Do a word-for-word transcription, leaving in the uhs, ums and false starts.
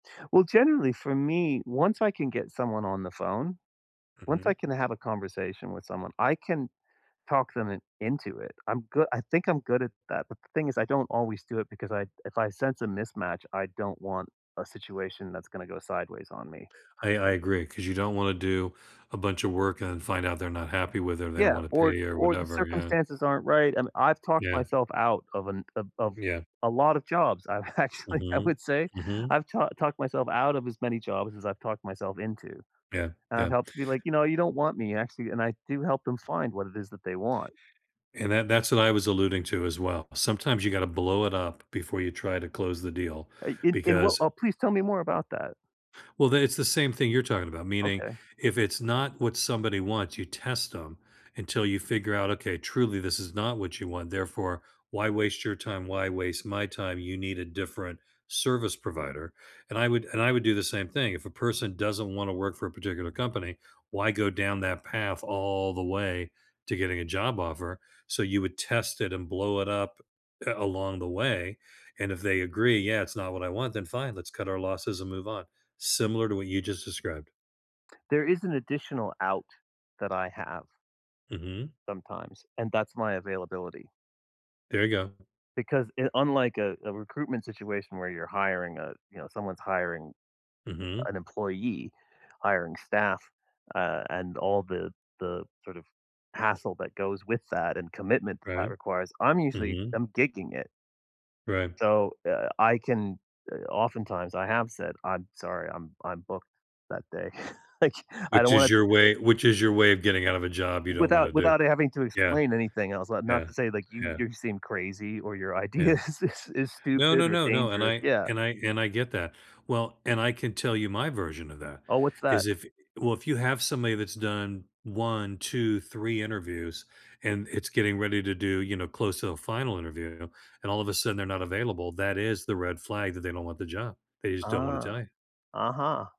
Well, generally, for me, once I can get someone on the phone, once Mhm. I can have a conversation with someone, I can talk them in into it. I'm goo I think I'm good at that, but the thing is I don't always do it because I if I sense a mismatch, I don't want a situation that's gonna go sideways on me. I I agree 'cause you don't wanna do a bunch of work and find out they're not happy with it or they don't Yeah, wanna or pay or or the whatever, yeah. circumstances aren't right, and I've talked Yeah. myself out of an o of Yeah. a lot of jobs, I've actually, I Mhm. would say Mhm. I've talk talked myself out of as many jobs as I've talked myself into. Yeah. And I've Yeah. helped you like, "You know, you don't want me actually," and I do help them find what it is that they want. And that that's what I was alluding to as well. Sometimes you gotta blow it up before you try to close the deal Uh, in in wha because uh, please tell me more about that. Well, then it's the same thing you're talking about, meaning Okay. if it's not what somebody wants, you test 'em until you figure out, "Okay, truly this is not what you want, therefore why waste your time, why waste my time? You need a different service provider," and I would and I would do the same thing. If a person doesn't wanna work for a particular company, why go down that path all the way to getting a job offer so you would test it and blow it up, uh, along the way and if they agree, "Yeah, it's not what I want," then, "Fine, let's cut our losses and move on," similar to what you just described. There is an additional out that I have Mhm. sometimes, and that's my availability. There you go. Because i unlike a a recruitment situation where you're hiring a you know, someone's hiring Mhm. an employee, hiring staff, uh, and all the the sort of hassle that goes with that and commitment that that Right. requires, I'm usually Mhm. I'm gigging it. Right. So, uh, I can uh, oftentimes, I have said, "I'm sorry. I'm I'm booked that day." Like, I Which don't is wanna your way which is your way of getting out of a job you don't Without wanna do. without having to Yeah. explain anything else. Li not Yeah. to say, like, you Yeah. you seem crazy, or your idea Yeah. is is is No, stupid no, or no, no, and dangerous. I Yeah. and I and I get that. Well, and I can tell you my version of that Oh, what's that? is if well, if you have somebody that's done one, two, three interviews and it's getting ready to do, you know, close to the final interview and all of a sudden they're not available, that is the red flag that they don't want the job. They just don't wanna Ah. tell you. Uh-huh.